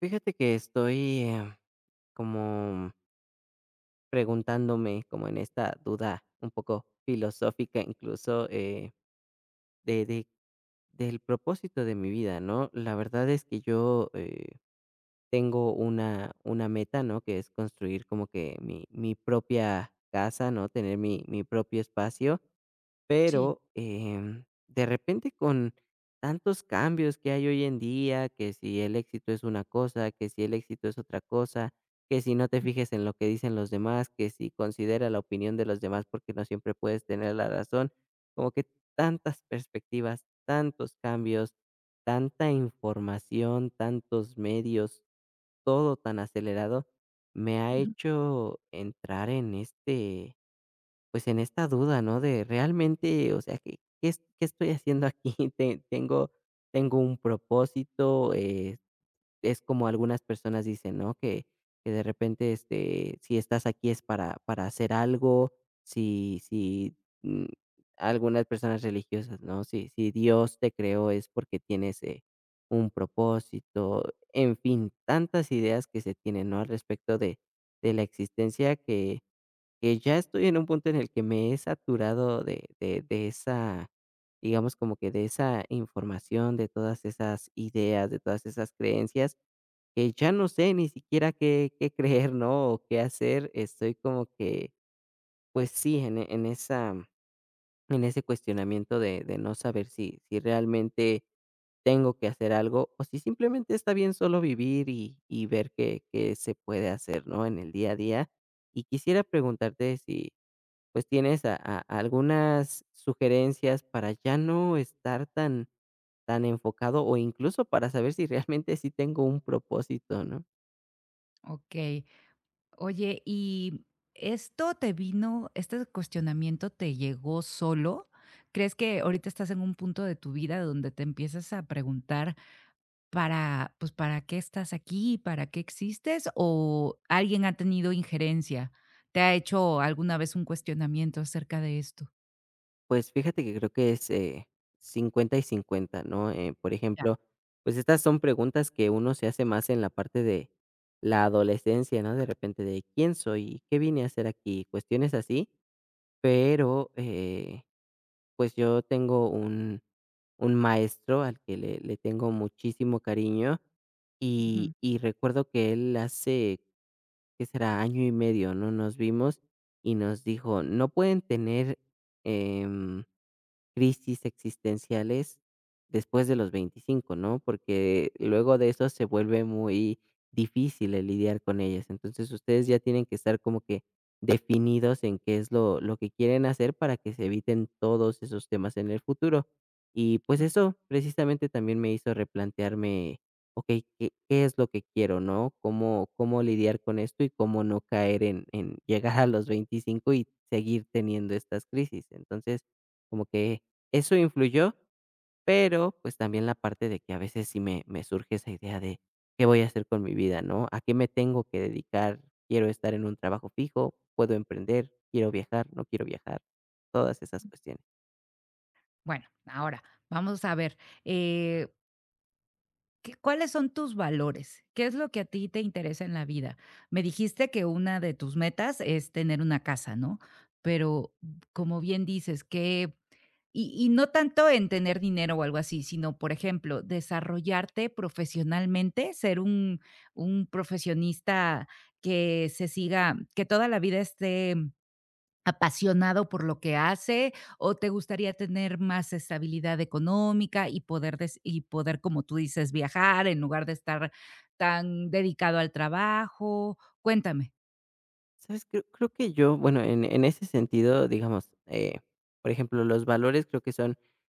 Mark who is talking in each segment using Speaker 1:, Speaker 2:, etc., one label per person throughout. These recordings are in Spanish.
Speaker 1: Fíjate que estoy em, como preguntándome, como en esta duda un poco filosófica, incluso, eh, de de del propósito de mi vida, ¿no? La verdad es que yo, eh, tengo una una meta, ¿no?, que es construir como que mi mi propia casa, ¿no?, tener mi mi propio espacio.
Speaker 2: Sí.
Speaker 1: Pero, em, de repente, con tantos cambios que hay hoy en día, que si el éxito es una cosa, que si el éxito es otra cosa, que si no te fijes en lo que dicen los demás, que si considera la opinión de los demás, porque no siempre puedes tener la razón, como que tantas perspectivas, tantos cambios, tanta información, tantos medios, todo tan acelerado, me ha
Speaker 2: Ujú.
Speaker 1: hecho entrar en este, pues, en esta duda, ¿no?, de realmente, o sea, ¿qué qué es qué estoy haciendo aquí? ¿Te tengo tengo un propósito? Eh, es como algunas personas dicen, ¿no? Que que, de repente, este, si estás aquí es para para hacer algo, si si, mm, algunas personas religiosas, ¿no?, si si Dios te creó es porque tienes, eh, un propósito, en fin. Tantas ideas que se tienen, ¿no?, al respecto de de la existencia, que que ya estoy en un punto en el que me he saturado de de de esa, digamos, como que de esa información, de todas esas ideas, de todas esas creencias, que ya no sé ni siquiera qué qué creer, ¿no?, o qué hacer. Estoy como que pues sí, en en esa en ese cuestionamiento de de no saber si si realmente tengo que hacer algo, o si simplemente está bien solo vivir y y ver qué qué se puede hacer, ¿no?, en el día a día. Y quisiera preguntarte si, pues, tienes a a algunas sugerencias para ya no estar tan tan enfocado o incluso para saber si realmente sí tengo un propósito, ¿no?
Speaker 2: Okey. Oye, ¿y esto te vino este cuestionamiento te llegó solo? ¿Crees que ahorita estás en un punto de tu vida donde te empiezas a preguntar para, pues, para qué estás aquí, para qué existes, o alguien ha tenido injerencia? ¿Te ha hecho alguna vez un cuestionamiento acerca de esto?
Speaker 1: Pues, fíjate que creo que es, eh, 50 y 50, ¿no?, eh, por
Speaker 2: Ya.
Speaker 1: ejemplo, pues, estas son preguntas que uno se hace más en la parte de la adolescencia, ¿no? De repente, de: "¿Quién soy? ¿Qué vine a hacer aquí?", cuestiones así, pero, eh, pues, yo tengo un un maestro al que le le tengo muchísimo cariño y
Speaker 2: Ujú.
Speaker 1: y recuerdo que él hace, ¿qué será?, año y medio, ¿no?, nos vimos y nos dijo: "No pueden tener, em, crisis existenciales después de los 25, ¿no? Porque luego de eso se vuelve muy difícil el lidiar con ellas. Entonces, ustedes ya tienen que estar como que definidos en qué es lo lo que quieren hacer para que se eviten todos esos temas en el futuro". Y, pues,
Speaker 2: Okey.
Speaker 1: eso precisamente, también me hizo replantearme: "Okey, ¿qué qué es lo que quiero, no? ¿Cómo cómo lidiar con esto y cómo no caer en en llegar a los 25 y seguir teniendo estas crisis?" Entonces, como que eso influyó, pero, pues, también la parte de que a veces sí me me surge esa idea de: "¿Qué voy a hacer con mi vida, no? ¿A qué me tengo que dedicar? ¿Quiero estar en un trabajo fijo? ¿Puedo emprender? ¿Quiero viajar, no quiero viajar?" Todas esas
Speaker 2: Ujú.
Speaker 1: cuestiones.
Speaker 2: Bueno, ahora, vamos a ver, eh ¿qué cuáles son tus valores? ¿Qué es lo que a ti te interesa en la vida? Me dijiste que una de tus metas es tener una casa, ¿no?, pero como bien dices que y y no tanto en tener dinero o algo así, sino, por ejemplo, desarrollarte profesionalmente, ser un un profesionista que se siga que toda la vida esté apasionado por lo que hace o te gustaría tener más estabilidad económica y poder des y poder, como tú dices viajar en lugar de estar tan dedicado al trabajo, cuéntame.
Speaker 1: Sabes, cre creo que yo, bueno, en en ese sentido, digamos, eh, por ejemplo, los valores creo que son,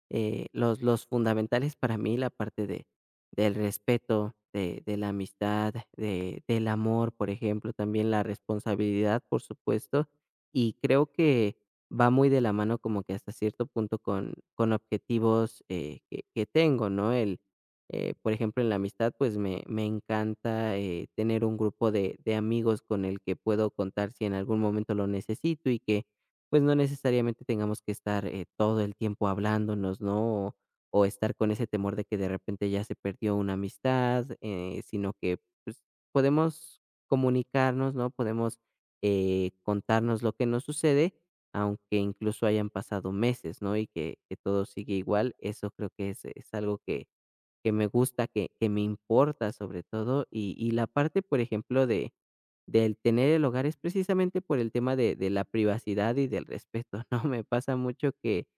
Speaker 1: eh, los los fundamentales para mí, la parte de del respeto, de de la amistad, de del amor, por ejemplo, también la responsabilidad, por supuesto, y creo que va muy de la mano como que hasta cierto punto con con objetivos, eh, que que tengo, ¿no?, el, eh, por ejemplo, en la amistad, pues me me encanta, eh, tener un grupo de de amigos con el que puedo contar si en algún momento lo necesito y que, pues, no necesariamente tengamos que estar, eh, todo el tiempo hablándonos, ¿no?, o o estar con ese temor de que de repente ya se perdió una amistad, eh, sino que, pues, podemos comunicarnos, ¿no?, podemos, eh, contarnos lo que nos sucede, aunque incluso hayan pasado meses, ¿no?, y que que todo sigue igual, eso creo que es es algo que que me gusta, que que me importa, sobre todo y y la parte, por ejemplo, de del tener el hogar es precisamente por el tema de de la privacidad y del respeto, ¿no?, me pasa mucho que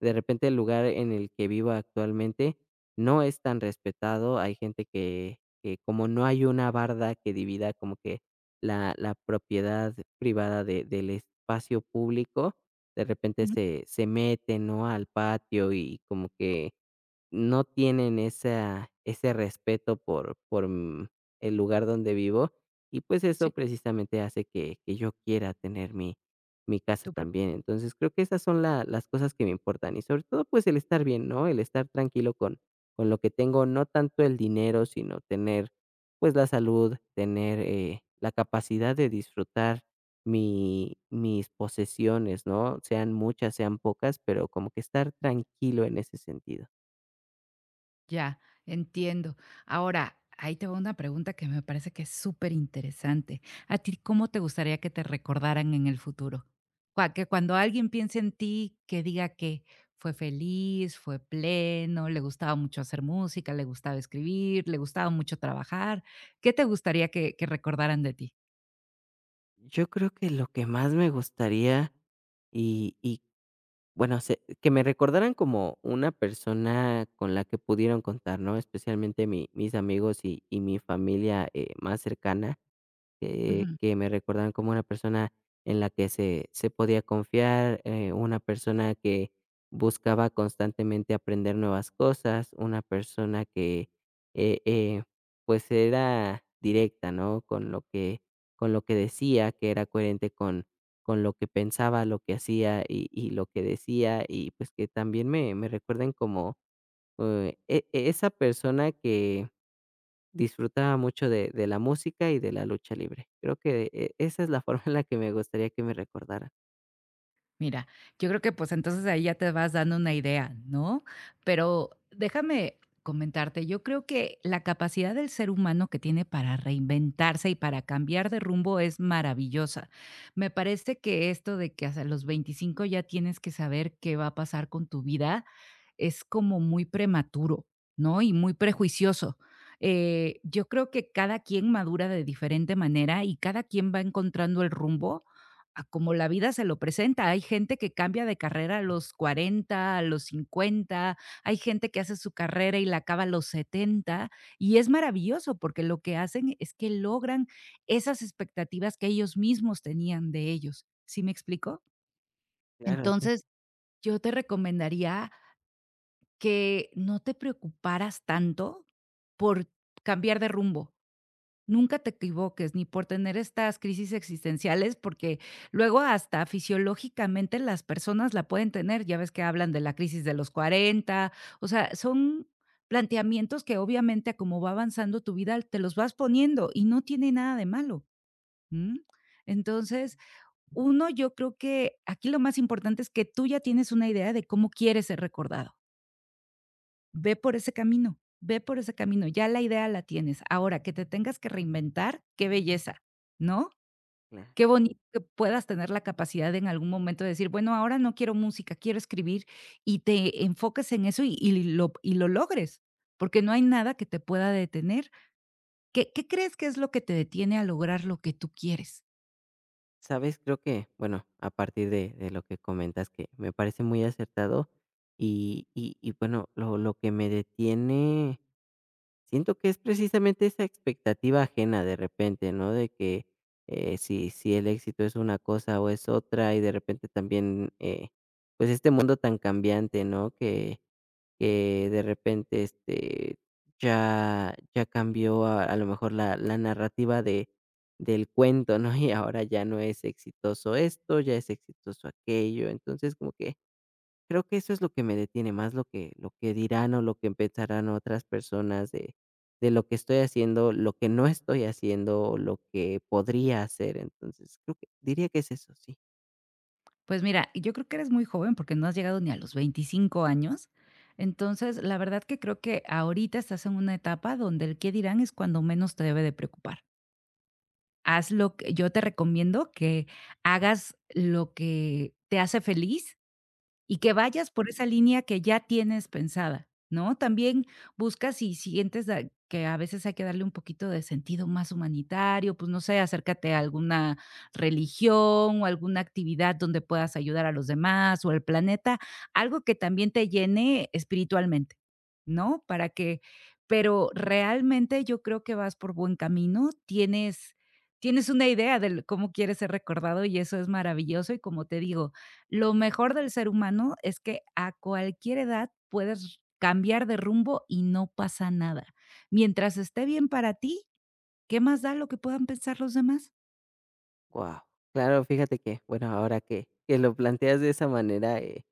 Speaker 1: de repente el lugar en el que vivo actualmente, no es tan respetado, hay gente que que como no hay una barda que divida como que la la propiedad privada de del espacio público, de repente
Speaker 2: Ujú.
Speaker 1: se se mete, ¿no?, al patio y como que no tienen esa ese respeto por por mm, el lugar donde vivo y pues, eso
Speaker 2: Sí.
Speaker 1: precisamente hace que que yo quiera tener mi mi casa
Speaker 2: Tu pro
Speaker 1: también, entonces creo que esas son las las cosas que me importan y sobre todo, pues, el estar bien, ¿no?, el estar tranquilo con con lo que tengo, no tanto el dinero, sino tener, pues la salud, tener, eh, la capacidad de disfrutar mi mis posesiones, ¿no?, sean muchas, sean pocas, pero como que estar tranquilo en ese sentido.
Speaker 2: Ya. Entiendo. Ahora, ahí te va una pregunta que me parece que es súper interesante, ¿a ti cómo te gustaría que te recordaran en el futuro?, cua que cuando alguien piense en ti que diga, ¿qué? Fue feliz, fue pleno, le gustaba mucho hacer música, le gustaba escribir, le gustaba mucho trabajar, ¿qué te gustaría que que recordaran de ti?
Speaker 1: Yo creo que lo que más me gustaría y y bueno, sé que me recordaran como una persona con la que pudieron contar, ¿no?, especialmente mi mis amigos y y mi familia, eh, más cercana, eh,
Speaker 2: Ujú.
Speaker 1: que me recordaran como una persona en la que se se podía confiar, eh, una persona que buscaba constantemente aprender nuevas cosas, una persona que eh eh pues, era directa, ¿no?, con lo que con lo que decía, que era coherente con con lo que pensaba, lo que hacía y y lo que decía y pues, que también me me recuerden como eh, e e esa persona que disfrutaba mucho de de la música y de la lucha libre. Creo que e esa es la forma en la que me gustaría que me recordaran.
Speaker 2: Mira, yo creo que, pues, entonces ahí ya te vas dando una idea, ¿no?, pero déjame comentarte, yo creo que la capacidad del ser humano que tiene para reinventarse y para cambiar de rumbo es maravillosa, me parece que esto de que hasta los 25 ya tienes que saber qué va a pasar con tu vida, es como muy prematuro, ¿no?, y muy prejuicioso, eh, yo creo que cada quien madura de diferente manera y cada quien va encontrando el rumbo a como la vida se lo presenta, hay gente que cambia de carrera a los 40, a los 50, hay gente que hace su carrera y la acaba a los 70 y es maravilloso, porque lo que hacen es que logran esas expectativas que ellos mismos tenían de ellos, ¿sí me explicó?
Speaker 1: Claro, sí.
Speaker 2: Entonces yo te recomendaría que no te preocuparas tanto por cambiar de rumbo, nunca te equivoques ni por tener estas crisis existenciales, porque luego hasta fisiológicamente las personas la pueden tener, ya ves que hablan de la crisis de los 40, o sea, son planteamientos que, obviamente, a como va avanzando tu vida, te los vas poniendo y no tiene nada de malo, ¿mm? Entonces, uno, yo creo que aquí lo más importante es que tú ya tienes una idea de cómo quieres ser recordado. Ve por ese camino ve por ese camino, ya la idea la tienes, ahora, ¿qué te tengas que reinventar? Qué belleza, ¿no?
Speaker 1: Na
Speaker 2: Qué bonito que puedas tener la capacidad en algún momento de decir: "Bueno, ahora no quiero música, quiero escribir". Y te enfoques en eso y y lo y lo logres, porque no hay nada que te pueda detener, ¿qué qué crees que es lo que te detiene a lograr lo que tú quieres?
Speaker 1: ¿Sabes? Creo que, bueno, a partir de de lo que comentas que, me parece muy acertado y y y bueno, lo lo que me detiene siento que es precisamente esa expectativa ajena de repente, ¿no? De que, eh, si si el éxito es una cosa o es otra y de repente también, eh, pues, este mundo tan cambiante, ¿no? Que, eh, de repente, este, ya ya cambió a lo mejor la la narrativa de del cuento, ¿no? Y ahora ya no es exitoso esto, ya es exitoso aquello. Entonces, como que, creo que eso es lo que me detiene más lo que lo que dirán o lo que pensarán otras personas de de lo que estoy haciendo, lo que no estoy haciendo, lo que podría hacer, entonces, creo que diría que es eso, sí.
Speaker 2: Pues mira, yo creo que eres muy joven, porque no has llegado ni a los 25 años. Entonces. la verdad que creo que ahorita estás en una etapa donde el "¿qué dirán?", es cuando menos te debe de preocupar. Haz lo que yo te recomiendo que hagas lo que te hace feliz, y que vayas por esa línea que ya tienes pensada, ¿no?, también busca sí sientes da que a veces hay que darle un poquito de sentido más humanitario, pues, no sé, acércate a alguna religión o alguna actividad donde puedas ayudar a los demás o al planeta, algo que también te llene espiritualmente, ¿no?, para que pero realmente yo creo que vas por buen camino. Tienes tienes una idea del cómo quieres ser recordado y eso es maravilloso y como te digo, lo mejor del ser humano es que a cualquier edad puedes r cambiar de rumbo y no pasa nada, mientras esté bien para ti, ¿qué más da lo que puedan pensar los demás?
Speaker 1: Guau, claro. Fíjate que bueno, ahora que que lo planteas de esa manera, eh,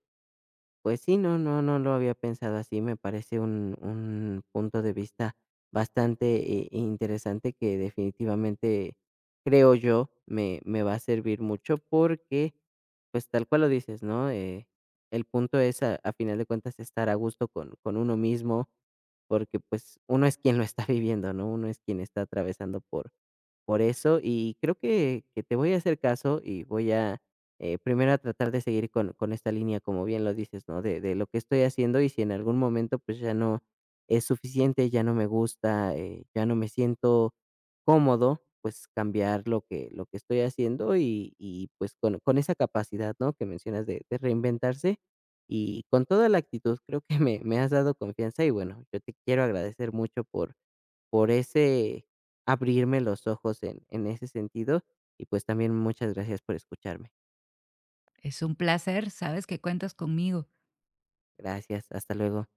Speaker 1: pues sí, no no no lo había pensado así. Me parece un un punto de vista bastante, eh, interesante que definitivamente, creo yo, me me va a servir mucho porque, pues, tal cual lo dices, ¿no?, eh, el punto es a al final de cuentas estar a gusto con con uno mismo porque, pues, uno es quien lo está viviendo, ¿no? Uno es quien está atravesando por por eso y creo que que te voy a hacer caso y voy a, eh, primero a tratar de seguir con con esta línea, como bien lo dices, ¿no?, de de lo que estoy haciendo y si en algún momento, pues, ya no es suficiente, ya no me gusta, eh, ya no me siento cómodo, pues, cambiar lo que lo que estoy haciendo y y pues con con esa capacidad, ¿no?, que mencionas de de reinventarse y con toda la actitud, creo que me me has dado confianza y bueno, yo te quiero agradecer mucho por por ese abrirme los ojos en en ese sentido y pues, también muchas gracias por escucharme.
Speaker 2: Es un placer. Sabes que cuentas conmigo.
Speaker 1: Gracias, hasta luego.